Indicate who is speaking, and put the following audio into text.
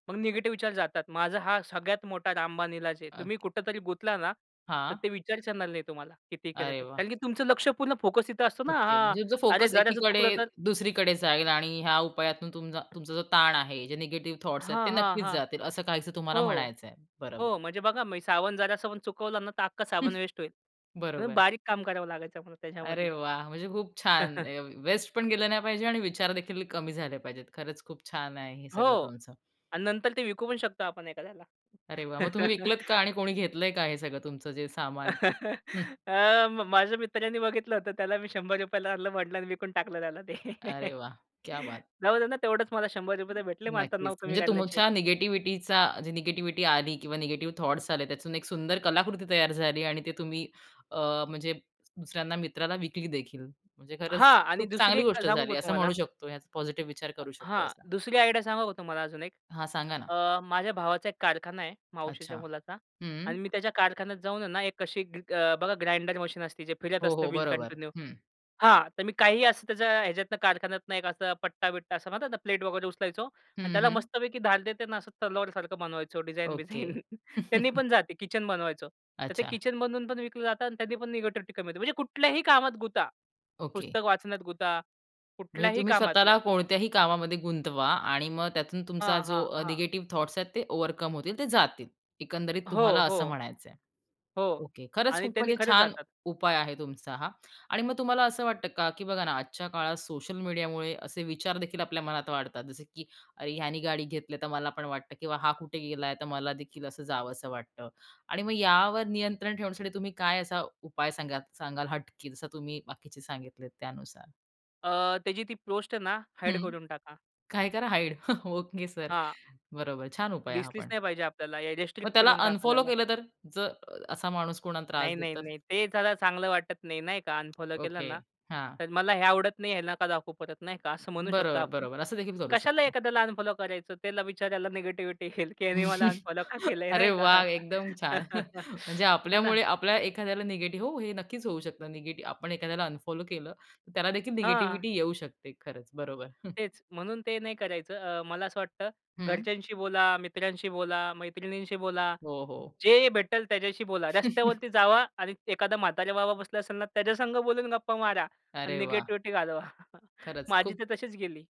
Speaker 1: मग निगेटिव्ह विचार जातात. माझा हा सगळ्यात मोठा रामबाण इलाज आहे.
Speaker 2: अ
Speaker 1: तुम्ही कुठेतरी गुंतला ना, तर
Speaker 2: हां.
Speaker 1: ते विचारच येणार नाही तुम्हाला, किती केलं
Speaker 2: अरे
Speaker 1: तरी.
Speaker 2: वाह!
Speaker 1: कारण की तुमचं लक्ष्य पूर्ण फोकस इथे असतो ना.
Speaker 2: ओके.
Speaker 1: हां.
Speaker 2: म्हणजे तुमचा
Speaker 1: अरे,
Speaker 2: फोकस
Speaker 1: जराचं चुकलं
Speaker 2: एकीकडे,
Speaker 1: तर?
Speaker 2: दुसरीकडे जाईल आणि ह्या उपायातून तुम तुमचा जो ताण आहे, जे निगेटिव्ह थॉटस आहेत ते
Speaker 1: हां, हां,
Speaker 2: नक्कीच
Speaker 1: हां.
Speaker 2: जातील, असं काहीसं तुम्हाला
Speaker 1: हो,
Speaker 2: म्हणायचंय. बरोबर.
Speaker 1: हो, म्हणजे बघा मी साबन जरासा पण चुकवला ना, तर अख्खा साबण वेस्ट होईल. म्हणून
Speaker 2: बरोबर.
Speaker 1: बारीक काम करावं लागायचं त्यामुळं
Speaker 2: अरे
Speaker 1: त्याच्यामध्ये.
Speaker 2: वाह! म्हणजे खूप छान. अ, वेस्ट पण गेलं नाही पाहिजे आणि विचारदेखील कमी झाले पाहिजेत. खरंच खूप छान आहे हे
Speaker 1: हो
Speaker 2: सगळं तुमचं.
Speaker 1: आणि नंतर ते विकू पण शकतो आपण एखाद्याला.
Speaker 2: अरे वाह! मग तुम्ही विकलत का आणि कोणी घेतलंय का, हे सगळं तुमचं जे सामान?
Speaker 1: अ, म माझ्या मित्रानी बघितलं होतं. त्याला मी ₹100 आणलं. म्हटला अन विकून टाकलं त्याला ते.
Speaker 2: अरे वाह! क्या बात.
Speaker 1: जाऊ दे ना, तेवढेच मला ₹100 तर भेटले मग आता
Speaker 2: नक्कीच.
Speaker 1: नाव कमी
Speaker 2: म्हणजे
Speaker 1: काढल्याचे.
Speaker 2: तुमच्या निगेटिव्हिटीचा, जी निगेटिव्हिटी आली किंवा निगेटिव्ह थॉटस आले, त्यातून एक सुंदर कलाकृती तयार झाली आणि ते तुम्ही अ, म्हणजे दुसऱ्यांना मित्राला विकलीदेखील. म्हणजे खरंच
Speaker 1: हां आणि
Speaker 2: खूप
Speaker 1: दुसरी
Speaker 2: चांगली
Speaker 1: एक
Speaker 2: गोष्ट
Speaker 1: सांगू का
Speaker 2: झाली असं
Speaker 1: तुम्हाला.
Speaker 2: म्हणू शकतो. याचा पॉझिटिव्ह विचार
Speaker 1: अ
Speaker 2: करू शकतो
Speaker 1: हां,
Speaker 2: असा.
Speaker 1: दुसरी आयडिया सांगू का तुम्हाला अजून एक.
Speaker 2: हां. सांगा ना.
Speaker 1: अ, माझ्या भावाचा एक कारखाना आहे, मावशीच्या
Speaker 2: अच्छा,
Speaker 1: मुलाचा
Speaker 2: हं.
Speaker 1: आणि मी त्याच्या कारखान्यात जाऊन ना एक कशी ग ग बघा ग्राइंडर मशीन असती, जे फिरत
Speaker 2: हो,
Speaker 1: असतं
Speaker 2: हो.
Speaker 1: व्हील
Speaker 2: बरोबर,
Speaker 1: कंटिन्यू
Speaker 2: हं.
Speaker 1: हां, तर मी काही असं त्याच्या ह्याच्यातनं कारखान्यातनं एक असा पट्टा-बिट्टा असं म्हणतात ना, प्लेट वगैरे उचलायचो अन्
Speaker 2: हं,
Speaker 1: त्याला
Speaker 2: हं.
Speaker 1: मस्तपैकी धार देते ना असं तलवारसारखं बनवायचो डिझाइन
Speaker 2: ओके.
Speaker 1: बिझाइन त्यांनी पण जाते. किचन बनवायचो. तर ते
Speaker 2: अच्छा.
Speaker 1: किचन बनवून पण विकलं जातं अन् त्यांनी पण निगेटिव्हिटी कमी होते. म्हणजे कुठल्याही कामात गुता.
Speaker 2: ओके.
Speaker 1: पुस्तक वाचण्यात गुता,
Speaker 2: म्हणजे
Speaker 1: कुठल्याही
Speaker 2: तुम्ही
Speaker 1: कामात मग
Speaker 2: स्वतःला कोणत्याही कामामध्ये गुंतवा आणि मग त्यातून तुमचा
Speaker 1: हां,
Speaker 2: जो
Speaker 1: हां,
Speaker 2: अ,
Speaker 1: हां.
Speaker 2: निगेटिव्ह थॉटस आहेत ते ओव्हरकम होतील, ते जातील एकंदरीत
Speaker 1: हो,
Speaker 2: तुम्हाला असं
Speaker 1: हो.
Speaker 2: म्हणायचंय.
Speaker 1: हो
Speaker 2: ओके, खरंच
Speaker 1: आणि
Speaker 2: खूप
Speaker 1: त्यांनी
Speaker 2: म्हणजे
Speaker 1: खरच
Speaker 2: छान
Speaker 1: जातात.
Speaker 2: उपाय आहे, तुमचा हा आणि मग तुम्हाला असं वाटतं का, की बघा ना आजच्या काळात सोशल मीडियामुळे असे विचारदेखील आपल्या मनात वाढतात. जसे की अरे, ह्याने गाडी घेतली, तर मला पण वाटतं, की हा कुठे गेला, तर मलादेखील असं जावसं वाटतं आणि मग यावर नियंत्रण ठेवण्यासाठी तुम्ही काय असा उपाय सांगा सांगाल हटके जसं तुम्ही बाकीचे सांगितले त्यानुसार?
Speaker 1: अ, त्याची ती पोस्ट ना हाईड
Speaker 2: हं,
Speaker 1: करून टाका.
Speaker 2: काय करा, हाईड. Okay sir.
Speaker 1: हां.
Speaker 2: बरोबर, छान उपाय आहे हा
Speaker 1: दिसलीच
Speaker 2: पण.
Speaker 1: नाही पाहिजे आपल्याला. या
Speaker 2: मग
Speaker 1: रिस्ट्रिक्ट
Speaker 2: त्याला
Speaker 1: करून टाका
Speaker 2: अनफॉलो
Speaker 1: त्याला.
Speaker 2: केलं तर? जर असा माणूस कोणाला त्रास
Speaker 1: नाही, नाही,
Speaker 2: देतो तर?
Speaker 1: नाही. ते जरा चांगलं वाटत नाही नाही का. अनफॉलो केलं
Speaker 2: ओके,
Speaker 1: ना,
Speaker 2: हां.
Speaker 1: तर मला हे आवडत नाही. ह्यांना का दाखवू परत नाही का असं म्हणू शकतो
Speaker 2: बरोबर,
Speaker 1: आपण.
Speaker 2: बरोबर. असंदेखील करू
Speaker 1: कशाला
Speaker 2: शकतो.
Speaker 1: एखाद्याला अनफॉलो करायचं? त्याला बिच्याऱ्याला निगेटिव्हिटी येईल की ह्यानी मला अनफॉलो का केलंय
Speaker 2: अरे
Speaker 1: नाही का.
Speaker 2: वाह! एकदम छान. म्हणजे
Speaker 1: हे ना.
Speaker 2: आपल्यामुळे आपल्या एखाद्याला निगेटिव्ह हो, हे नक्कीच होऊ शकतं. निगेटिव्ह आपण एखाद्याला अनफॉलो केलं, तर त्यालादेखील
Speaker 1: हां.
Speaker 2: निगेटिव्हिटी येऊ शकते. खरंच, बरोबर. हं.
Speaker 1: तेच. म्हणून ते नाही करायचं. अ, मला असं वाटतं
Speaker 2: हं.
Speaker 1: घरच्यांशी बोला, मित्रांशी बोला, मैत्रिणींशी बोला.
Speaker 2: हो, हो.
Speaker 1: जे भेटेल त्याच्याशी बोला. रस्त्यावरती जावा आणि एखादा म्हाताऱ्या बाबा बसला असाल ना, त्याच्या संग बोलून गप्पा मारा आणि
Speaker 2: अरे वाह!
Speaker 1: निगेटिव्हिटी घालवा.
Speaker 2: खरंच
Speaker 1: माझी
Speaker 2: खूप
Speaker 1: तर तशीच गेली.